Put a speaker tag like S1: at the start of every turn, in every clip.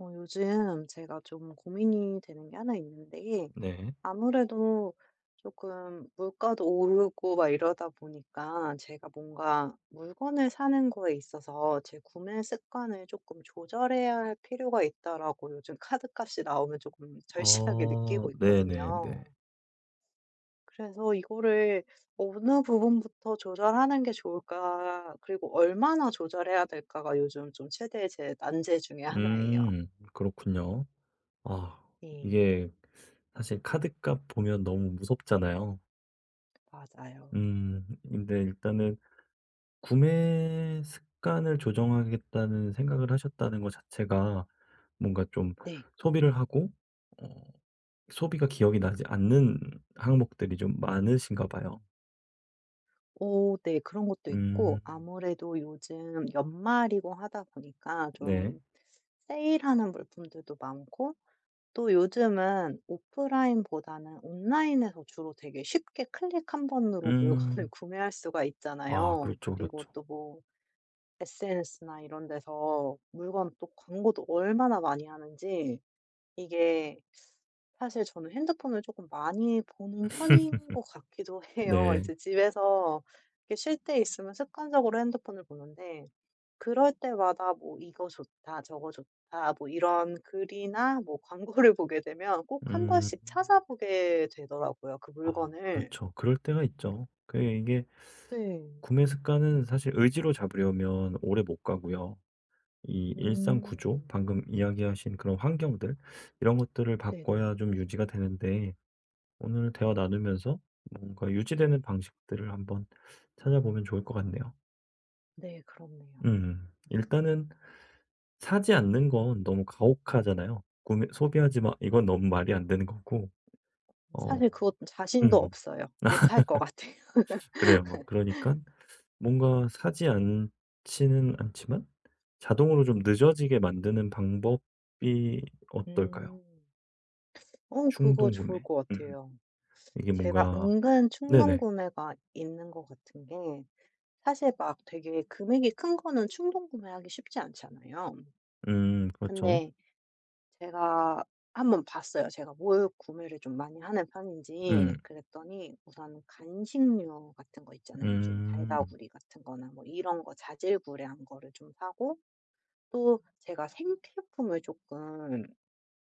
S1: 어 요즘 제가 좀 고민이 되는 게 하나 있는데
S2: 네.
S1: 아무래도 쪼끔 물가도 오르고 막 이러다 보니까 제가 뭔가 물건을 사는 거에 있어서 제 구매 습관을 쪼끔 조절해야 할 필요가 있다라고 요즘 카드값이 나오면 쪼끔 절실하게
S2: 어
S1: 느끼고
S2: 네네네.
S1: 있거든요. 그래서 이거를 어느 부분부터 조절하는 게 좋을까 그리고 얼마나 조절해야 될까가 요즘 좀 최대의 제 난제 중 하나예요.
S2: 음 그렇군요. 아
S1: 네.
S2: 이게 사실 카드값 보면 너무 무섭잖아요.
S1: 맞아요.
S2: 음 근데 일단은 구매 습관을 조정하겠다는 생각을 하셨다는 거 자체가 뭔가 좀
S1: 네.
S2: 소비를 하고 어 소비가 기억이 나지 않는 항목들이 좀 많으신가 봐요.
S1: 어 네. 그런 것도 있고
S2: 음.
S1: 아무래도 요즘 연말이고 하다 보니까
S2: 네.
S1: 좀 세일하는 물품들도 많고 또 요즘은 오프라인보다는 온라인에서 주로 되게 쉽게 클릭 1 번으로 물건을
S2: 음.
S1: 구매할 수가
S2: 아
S1: 있잖아요.
S2: 그렇죠,
S1: 그리고
S2: 그렇죠.
S1: 또 뭐 SNS나 이런 데서 물건 또 광고도 얼마나 많이 하는지 이게 사실 저는 핸드폰을 조금 많이 보는 편인 것 같기도 해요.
S2: 네.
S1: 이제 집에서 이렇게 쉴 때 있으면 습관적으로 핸드폰을 보는데 그럴 때마다 뭐 이거 좋다 저거 좋다 뭐 이런 글이나 뭐 광고를 보게 되면 꼭 한
S2: 음.
S1: 번씩 찾아보게 되더라고요 그
S2: 아
S1: 물건을.
S2: 그렇죠. 그럴 때가 있죠. 그러니까 이게
S1: 네.
S2: 구매 습관은 사실 의지로 잡으려면 오래 못 가고요. 이 일상 구조
S1: 음.
S2: 방금 이야기하신 그런 환경들 이런 것들을
S1: 네네.
S2: 바꿔야 좀 유지가 되는데 오늘 대화 나누면서 뭔가 유지되는 방식들을 한번 찾아보면 좋을 것 같네요.
S1: 네 그렇네요.
S2: 음. 일단은 사지 않는 건 너무 가혹하잖아요. 구매 "소비하지 마." 이건 너무 말이 안 되는 거고. 어.
S1: 사실 그것 자신도
S2: 음음.
S1: 없어요. 못할 것 같아요.
S2: 그래요. 뭐 그러니깐 뭔가 사지 않지는 않지만 자동으로 좀 늦어지게 만드는 방법이 어떨까요?
S1: 음. 어 그거 좋을
S2: 충동구매?
S1: 거
S2: 음.
S1: 같아요.
S2: 이게
S1: 제가
S2: 뭔가
S1: 은근
S2: 네네.
S1: 충동구매가 있는 거 같은 게 사실 막 되게 금액이 큰 거는 충동구매하기 쉽지 않잖아요.
S2: 음. 그렇죠.
S1: 근데 제가 한번 봤어요, 제가 뭘 구매를 좀 많이 하는
S2: 음.
S1: 편인지. 그랬더니 우선 간식류 같은 거 있잖아요. 좀
S2: 음.
S1: 달달구리 같은 거나 뭐 이런 거 자질구레한 거를 좀 사고 또 제가 생필품을 쪼끔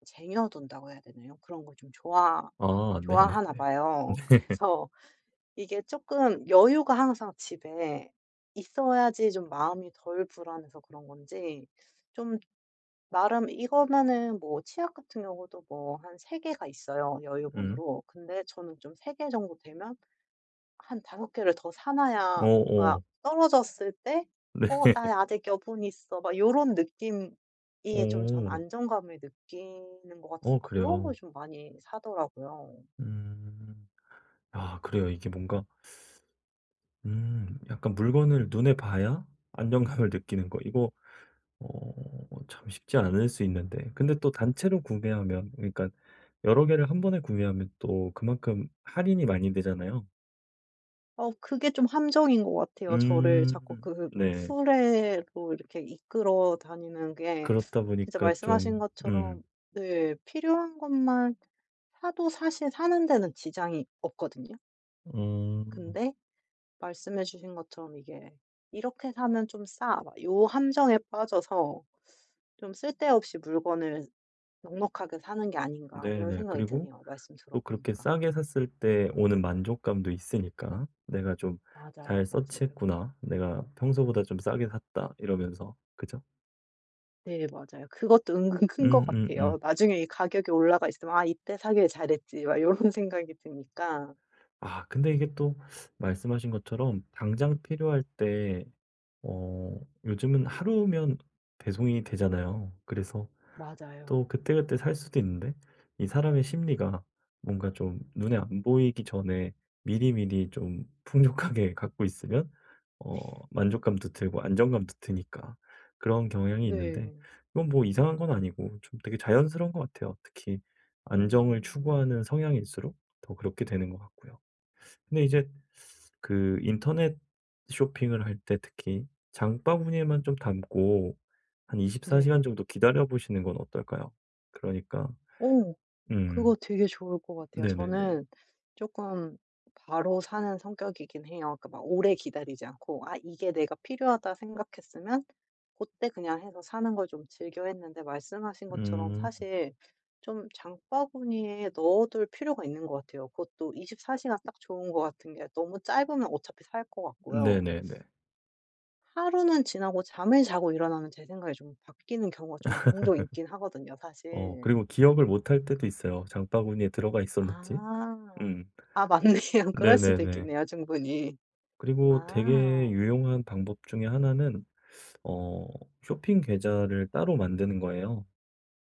S1: 쟁여 둔다고 해야 되나요? 그런 걸 좀 좋아
S2: 아 네네네.
S1: 좋아하나
S2: 네.
S1: 봐요. 그래서 이게 쪼끔 여유가 항상 집에 있어야지 좀 마음이 덜 불안해서 그런 건지 좀 나름 이거면은 뭐 치약 같은 경우도 뭐 한 3 개가 있어요,
S2: 음.
S1: 여유분으로. 근데 저는 좀 3 개 정도 되면 한 5 개를 더 사 놔야 뭔가
S2: 어어.
S1: 떨어졌을 때
S2: 네.
S1: '어 나 아직 여분 있어.' 막 요런 느낌이 좀 전
S2: 오.
S1: 안정감을 느끼는 것 같아서
S2: 어
S1: 그런 걸
S2: 그래요.
S1: 좀 많이 사더라고요.
S2: 음 아 그래요. 이게 뭔가 음 약간 물건을 눈에 봐야 안정감을 느끼는 거 이거 어 참 쉽지 않을 수 있는데 근데 또 단체로 구매하면 그러니까 여러 개를 1 번에 구매하면 또 그만큼 할인이 많이 되잖아요.
S1: 어 그게 좀 함정인 것 같아요. 저를
S2: 음
S1: 자꾸 그
S2: 네.
S1: 수레로 이렇게 이끌어 다니는 게
S2: 그렇다
S1: 진짜
S2: 보니까
S1: 말씀하신
S2: 좀
S1: 것처럼
S2: 음.
S1: 네 필요한 것만 사도 사실 사는 데는 지장이 없거든요.
S2: 음.
S1: 근데 말씀해 주신 것처럼 이게 '이렇게 사면 좀 싸.' 막 요 함정에 빠져서 '좀 쓸데없이 물건을 넉넉하게 사는 게 아닌가?' 이런
S2: 네네.
S1: 생각이
S2: 그리고
S1: 드네요 말씀
S2: 또 그렇게
S1: 들어보니까.
S2: 싸게 샀을 때 오는 만족감도 있으니까 '내가 좀 잘
S1: 맞아요,
S2: 서치
S1: 맞아요.
S2: 했구나. 내가 평소보다 좀 싸게 샀다.' 이러면서, 그죠?
S1: 네 맞아요. 그것도 은근 큰 것 같아요,
S2: 음음음.
S1: 나중에 이 가격이 올라가 있으면 '아 이때 사기를 잘했지.' 막 요런 생각이 드니까.
S2: 아 근데 이게 또 말씀하신 것처럼 당장 필요할 때 어 요즘은 하루면 배송이 되잖아요. 그래서
S1: 맞아요.
S2: 또 그때그때 살 수도 있는데 이 사람의 심리가 뭔가 좀 눈에 안 보이기 전에 미리미리 좀 풍족하게 갖고 있으면 어 만족감도 들고 안정감도 드니까 그런 경향이 있는데
S1: 네.
S2: 그건 뭐 이상한 건 아니고 좀 되게 자연스러운 것 같아요. 특히 안정을
S1: 음.
S2: 추구하는 성향일수록 더 그렇게 되는 것 같고요. 근데 이제 그 인터넷 쇼핑을 할 때 특히 장바구니에만 좀 담고 한 24 시간
S1: 네.
S2: 정도 기다려 보시는 건 어떨까요? 그러니까
S1: 어.
S2: 음.
S1: 그거 되게 좋을 것 같아요.
S2: 네네네.
S1: 저는 쪼끔 바로 사는 성격이긴 해요. 그러니까 막 오래 기다리지 않고 '아 이게 내가 필요하다.' 생각했으면 고때 그냥 해서 사는 걸 좀 즐겨했는데 말씀하신 것처럼
S2: 음.
S1: 사실 좀 장바구니에 넣어둘 필요가 있는 것 같아요. 그것도 24 시가 딱 좋은 거 같은 게 너무 짧으면 어차피 살 것 같고요.
S2: 네네네.
S1: 하루는 지나고 잠을 자고 일어나면 제 생각이 좀 바뀌는 경우가 좀 종종 있긴 하거든요
S2: 어
S1: 사실.
S2: 그리고 기억을 못 할 때도 있어요, 장바구니에 들어가 있었는지?
S1: 아.
S2: 음.
S1: 아 맞네요. 그럴 수도
S2: 네네네.
S1: 있겠네요 충분히.
S2: 그리고 되게
S1: 아.
S2: 유용한 방법 중에 1 는 어 쇼핑 계좌를 따로 만드는 거예요.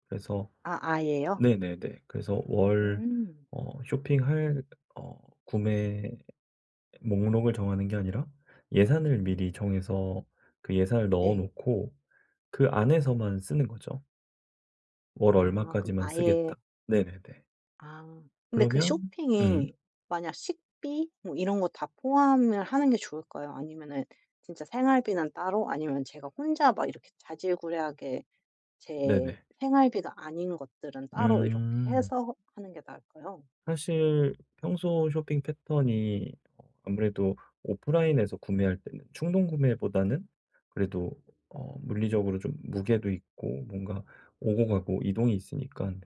S2: 그래서
S1: 아 아예요?
S2: 네네네 그래서 월
S1: 음.
S2: 어 쇼핑할 어 구매 목록을 정하는 게 아니라 예산을 미리 정해서 그 예산을 넣어
S1: 네.
S2: 놓고 그 안에서만 쓰는 거죠. 월
S1: 아. 그럼
S2: 얼마까지만
S1: 아예
S2: 쓰겠다. 네네네.
S1: 아. 근데 그
S2: 그러면 음.
S1: 쇼핑이 만약 식비 뭐 이런 거 다 포함을 하는 게 좋을까요? 아니면은 진짜 생활비는 따로, 아니면 제가 혼자 막 이렇게 자질구레하게 제
S2: 네네.
S1: 생활비가 아닌 것들은 따로 이렇게
S2: 음.
S1: 해서 하는 게 나을까요?
S2: 사실 평소 쇼핑 패턴이 어 아무래도 오프라인에서 구매할 때는 충동구매보다는 그래도 어 물리적으로 좀 무게도 있고 뭔가 오고 가고 이동이 있으니깐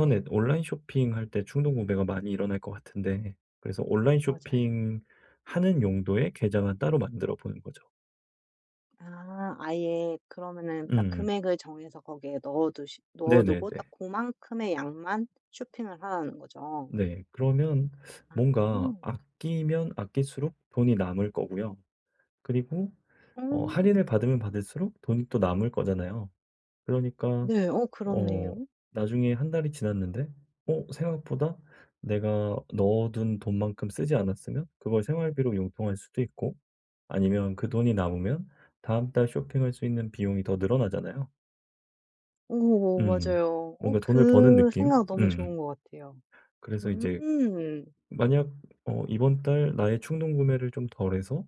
S1: 네.
S2: 온라인 쇼핑할 때 충동구매가 많이 일어날 것 같은데 그래서 온라인
S1: 맞아요.
S2: 쇼핑하는 용도의 계좌만 따로 만들어 보는 거죠.
S1: 아. 아예. 그러면은 딱
S2: 음.
S1: 금액을 정해서 거기에 넣어두시 넣어두고 딱
S2: 네네네.
S1: 고만큼의 양만 쇼핑을 하라는 거죠?
S2: 네. 그러면
S1: 아.
S2: 뭔가 아끼면 아낄수록 돈이 남을 거고요. 그리고 어
S1: 오.
S2: 할인을 받으면 받을수록 돈이 또 남을 거잖아요. 그러니까
S1: 네. 어
S2: 어
S1: 그렇네요.
S2: 나중에 1 달이 지났는데 어 생각보다 내가 넣어둔 돈만큼 쓰지 않았으면 그걸 생활비로 융통할 수도 있고 아니면 그 돈이 남으면 다음 달 쇼핑할 수 있는 비용이 더 늘어나잖아요.
S1: 어어
S2: 음.
S1: 맞아요. 어
S2: 뭔가 돈을 버는
S1: 그
S2: 느낌?
S1: 생각 너무 좋은
S2: 음.
S1: 것 같아요.
S2: 그래서 이제
S1: 음.
S2: 만약 어 이번 달 나의 충동구매를 좀 덜 해서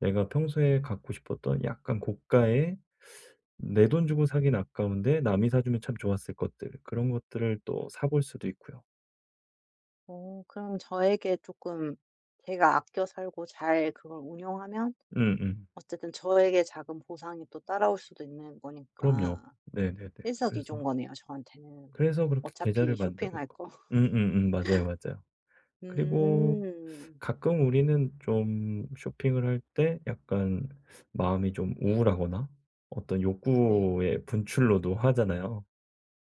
S2: 내가 평소에 갖고 싶었던 약간 고가의 내 돈 주고 사긴 아까운데 남이 사 주면 참 좋았을 것들 그런 것들을 또 사 볼 수도 있고요.
S1: 어. 그럼 저에게 조금 제가 아껴 살고 잘 그걸 운용하면
S2: 음음.
S1: 어쨌든 저에게 작은 보상이 또 따라올 수도 있는
S2: 그럼요.
S1: 거니까
S2: 네네네.
S1: 일석이조인
S2: 그래서
S1: 거네요, 저한테는.
S2: 그래서 그렇게 계좌를
S1: 어차피
S2: 만드는
S1: 쇼핑할
S2: 거
S1: 거.
S2: 음음음. 맞아요, 맞아요. 그리고
S1: 음.
S2: 가끔 우리는 좀 쇼핑을 할 때 약간 마음이 좀 우울하거나 어떤
S1: 네.
S2: 욕구의 분출로도 하잖아요.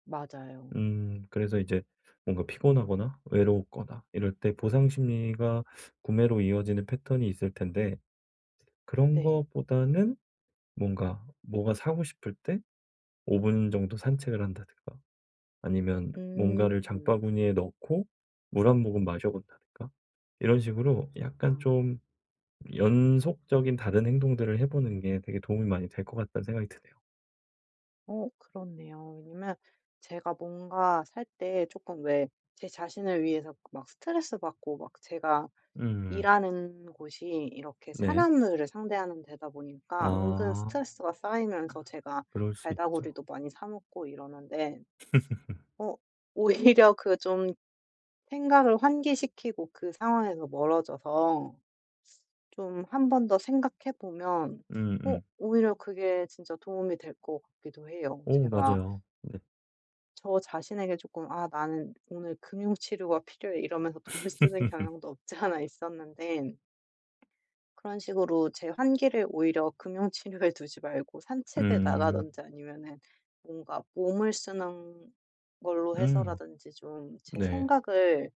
S1: 맞아요.
S2: 음. 그래서 이제 뭔가 피곤하거나 외로웠거나 이럴 때 보상심리가 구매로 이어지는 패턴이 있을 텐데. 그런
S1: 네.
S2: 것보다는 뭔가 뭐가 사고 싶을 때 5 분 정도 산책을 한다든가. 아니면 뭔가를
S1: 음.
S2: 장바구니에 넣고 물 1 모금 마셔 본다든가. 이런 식으로
S1: 아.
S2: 약간 좀 '연속적인 다른 행동들을 해 보는 게 되게 도움이 많이 될 것 같다.'는 생각이 드네요.
S1: 어 그렇네요. 왜냐면 제가 뭔가 살 때 조금 왜 제 자신을 위해서 막 스트레스 받고 막 제가
S2: 음음.
S1: 일하는 곳이 이렇게
S2: 네.
S1: 사람들을 상대하는 데다 보니까 은근
S2: 아
S1: 스트레스가 쌓이면서 제가
S2: 그럴 수 있죠.
S1: 달달구리도 많이 사 먹고 이러는데 어 오히려 그 좀 생각을 환기시키고 그 상황에서 멀어져서 좀 1 번 더 생각해 보면 어
S2: 음음.
S1: 오히려 그게 진짜 도움이 될 것 같기도 해요.
S2: 어
S1: 제가
S2: 맞아요. 네.
S1: 저 자신에게 조금 "아 나는 오늘 금융 치료가 필요해." 이러면서 돈을 쓰는 경향도 없지 않아 있었는데 그런 식으로 제 환기를 오히려 금융 치료에 두지 말고 산책을
S2: 음.
S1: 나가든지 아니면은 뭔가 몸을 쓰는 걸로
S2: 음.
S1: 해서라든지 좀 제
S2: 네.
S1: 생각을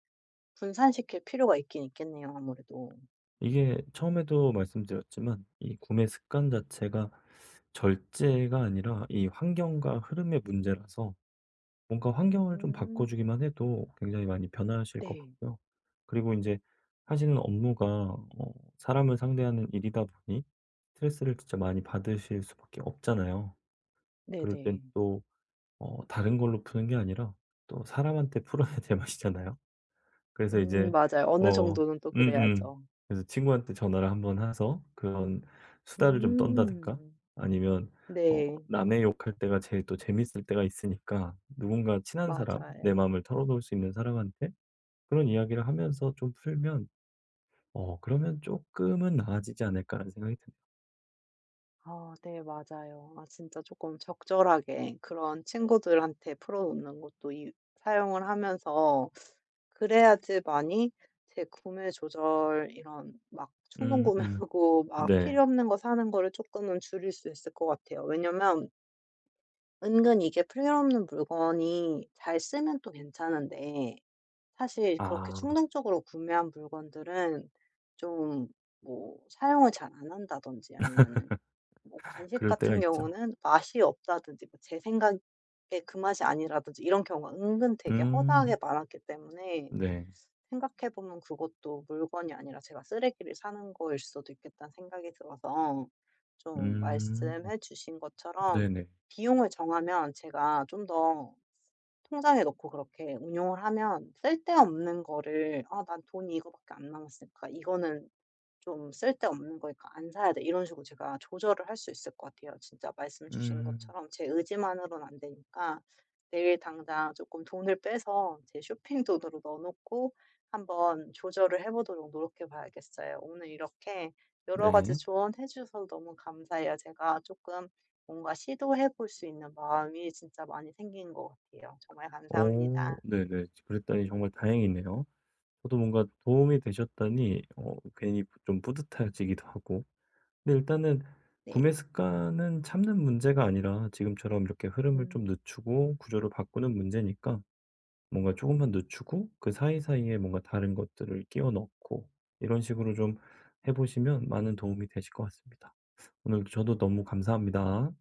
S1: 분산시킬 필요가 있긴 있겠네요, 아무래도.
S2: 이게 처음에도 말씀드렸지만 이 구매 습관 자체가 절제가 아니라 이 환경과 흐름의 문제라서 뭔가 환경을 좀
S1: 음.
S2: 바꿔주기만 해도 굉장히 많이 변하실 것
S1: 네.
S2: 같고요. 그리고 인제 하시는 업무가 어 사람을 상대하는 일이다 보니 스트레스를 진짜 많이 받으실 수밖에 없잖아요. 그럴 땐
S1: 네네.
S2: 또 어 다른 걸로 푸는 게 아니라 또 사람한테 풀어야 제 맛이잖아요. 그래서
S1: 음
S2: 이제
S1: 맞아요. 어느
S2: 뭐
S1: 정도는 또
S2: 음음
S1: 그래야죠.
S2: 그래서 친구한테 전화를 1 번 해서 그런 수다를 좀 떤다든가
S1: 음.
S2: 아니면 어
S1: 네.
S2: 남의 욕할 때가 제일 또 재밌을 때가 있으니까 누군가 친한 사람, 내
S1: 맞아요.
S2: 마음을 털어놓을 수 있는 사람한테 그런 이야기를 하면서 좀 풀면 어 '그러면 쪼끔은 나아지지 않을까?'라는 생각이 듭니다.
S1: 아 네. 맞아요. 아 진짜 조금 적절하게 그런 친구들한테 풀어놓는 것도 이 사용을 하면서 그래야지 많이 제 구매 조절 이런 막 충동
S2: 음 음.
S1: 구매하고 막
S2: 네.
S1: 필요 없는 거 사는 거를 조금은 줄일 수 있을 것 같아요. 왜냐하면 은근 이게 필요 없는 물건이 잘 쓰면 또 괜찮은데 사실 그렇게
S2: 아.
S1: 충동적으로 구매한 물건들은 좀 뭐 사용을 잘 안 한다든지 아니면은 뭐 간식
S2: 그럴 때가
S1: 같은
S2: 있죠.
S1: 경우는 맛이 없다든지 뭐 제 생각에 그 맛이 아니라든지 이런 경우가 은근 되게 허다하게
S2: 음.
S1: 많았기 때문에
S2: 네.
S1: 생각해 보면 그것도 '물건이 아니라 제가 쓰레기를 사는 거일 수도 있겠다.'는 생각이 들어서 좀
S2: 음.
S1: 말씀해 주신 것처럼
S2: 네네.
S1: 비용을 정하면 제가 좀 더 통장에 넣고 그렇게 운용을 하면 쓸데없는 거를 '아 난 돈이 이거밖에 안 남았을까. 이거는 좀 쓸 데 없는 거니까 안 사야 돼.' 이런 식으로 제가 조절을 할 수 있을 것 같아요. 진짜 말씀 주신
S2: 음.
S1: 것처럼 제 의지만으로는 안 되니까 내일 당장 조금 돈을 빼서 제 쇼핑 돈으로 넣어 놓고 한번 조절을 해 보도록 노력해 봐야겠어요. 오늘 이렇게 여러 가지
S2: 네.
S1: 조언해 주셔서 너무 감사해요. 제가 조금 뭔가 시도해 볼 수 있는 마음이 진짜 많이 생긴 것 같아요. 정말
S2: 오.
S1: 감사합니다.
S2: 네네. 지 그랬다니 정말 다행이네요. 저도 뭔가 도움이 되셨다니 어 괜히 좀 뿌듯해지기도 하고. 근데 일단은
S1: 네.
S2: 구매 습관은 참는 문제가 아니라 지금처럼 이렇게 흐름을 좀
S1: 음.
S2: 늦추고 구조를 바꾸는 문제니까 뭔가 조금만 늦추고 그 사이사이에 뭔가 다른 것들을 끼워 넣고 이런 식으로 좀 해 보시면 많은 도움이 되실 것 같습니다. 오늘 저도 너무 감사합니다.